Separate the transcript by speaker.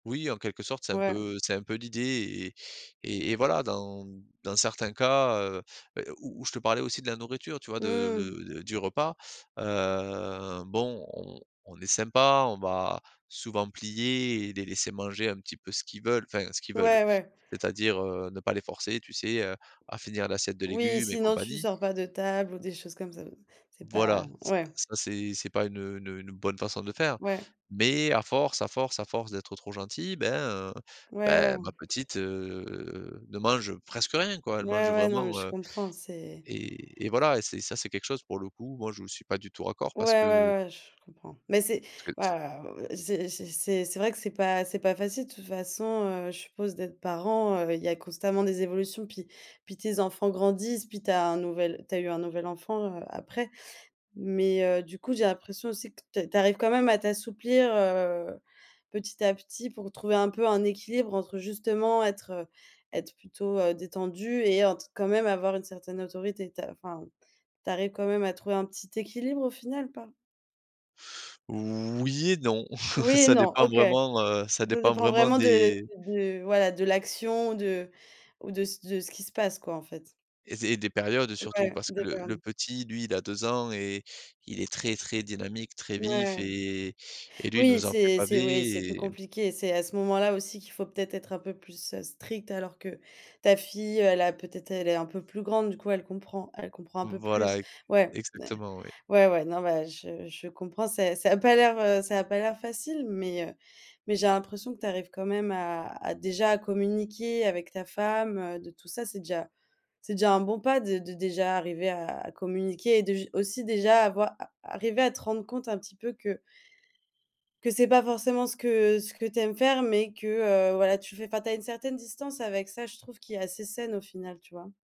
Speaker 1: Oui, en quelque sorte c'est un
Speaker 2: Ouais mmh.
Speaker 1: peu, heu, c'est un peu l'idée et et et et voilà dans dans certains cas, heu et où où je te parlais aussi de la nourriture, tu vois? De
Speaker 2: Mmh.
Speaker 1: de de du repas, heu, bon, on on est sympa, on va souvent plier et les laisser manger un petit peu ce qu'ils veulent, enfin ce qu'ils veulent,
Speaker 2: Ouais, ouais.
Speaker 1: c'est-à-dire, heu, ne pas les forcer, tu sais, heu, à finir l'assiette de
Speaker 2: Oui
Speaker 1: légumes et
Speaker 2: «sinon tu
Speaker 1: compagnie
Speaker 2: sors pas de table» ou des choses comme ça. C'est
Speaker 1: Voilà,
Speaker 2: pas
Speaker 1: ça
Speaker 2: ouais.
Speaker 1: ça c'est c'est pas une une une bonne façon de faire.
Speaker 2: Ouais.
Speaker 1: Mais à force, à force, à force d'être trop gentil, ben, heu,
Speaker 2: Ouais,
Speaker 1: bah
Speaker 2: ouais.
Speaker 1: ma petite, heu, ne mange presque rien quoi, elle
Speaker 2: Ouais,
Speaker 1: mange
Speaker 2: ouais, non, mais
Speaker 1: vraiment,
Speaker 2: je
Speaker 1: heu
Speaker 2: comprends, c'est
Speaker 1: et et voilà, et c'est ça quelque chose pour le coup, moi je ne suis pas du tout raccord
Speaker 2: Ouais,
Speaker 1: parce que
Speaker 2: ouais, ouais, je comprends. Mais c'est
Speaker 1: parce que
Speaker 2: ouais,
Speaker 1: s
Speaker 2: ouais, heu, j'ai j'ai c'est c'est vrai que c'est pas facile. De toute façon, heu, je suppose, d'être parent, heu, il y a constamment des évolutions, puis puis tes enfants grandissent, puis tu as un tu as eu un nouvelle enfant, heu, après. Mais, heu, du coup, j'ai l'impression aussi que ta tu arrives quand même à t'assouplir, heu, petit à petit pour trouver un peu un équilibre entre justement être être plutôt, heu, détendu et ent quand même avoir une certaine autorité. Ta enfin tu arrives quand même à trouver un petit équilibre au final ou pas?
Speaker 1: Oui et non,
Speaker 2: Oui et
Speaker 1: ça
Speaker 2: non,
Speaker 1: dépend
Speaker 2: OK.
Speaker 1: vraiment, heu, ça
Speaker 2: Ça
Speaker 1: dépend
Speaker 2: dépend
Speaker 1: vraiment
Speaker 2: vraiment de, heu,
Speaker 1: des
Speaker 2: de voilà de l'action de ou de de ce qui se passe quoi, en fait.
Speaker 1: et zé des périodes surtout
Speaker 2: Ouais,
Speaker 1: parce que
Speaker 2: des
Speaker 1: le
Speaker 2: périodes.
Speaker 1: petit, lui il a 2 ans et il est très très dynamique, très vif
Speaker 2: Ouais.
Speaker 1: et et lui, il
Speaker 2: Oui,
Speaker 1: nous a fait
Speaker 2: c'est c'est oui,
Speaker 1: baver
Speaker 2: c'est plus
Speaker 1: et hem
Speaker 2: compliqué. C'est à ce moment-là aussi qu'il faut peut-être être un peu plus, heu, strict, alors que ta fille, elle a peut-être elle est un peu plus grande, du coup, elle comprend, elle comprend un
Speaker 1: M
Speaker 2: peu
Speaker 1: voilà,
Speaker 2: plus ouais,
Speaker 1: exactement, oui.
Speaker 2: ouais, ouais, non, bah, je je comprends, c'est ça a pas l'air, heu, ça a pas l'air facile, mais, heu, mais j'ai l'impression que tu arrives quand même à à déjà, à communiquer avec ta femme, heu, de tout ça, c'est déjà c'est déjà un bon pas de de déjà arriver à communiquer et de j aussi déjà à voir, à arriver à te rendre compte un petit peu que que c'est pas forcément ce que ce que tu aimes faire, mais que, heu, voilà tu fait, enfin, tu as une certaine distance avec ça, je trouve, qui est assez saine au final, tu vois?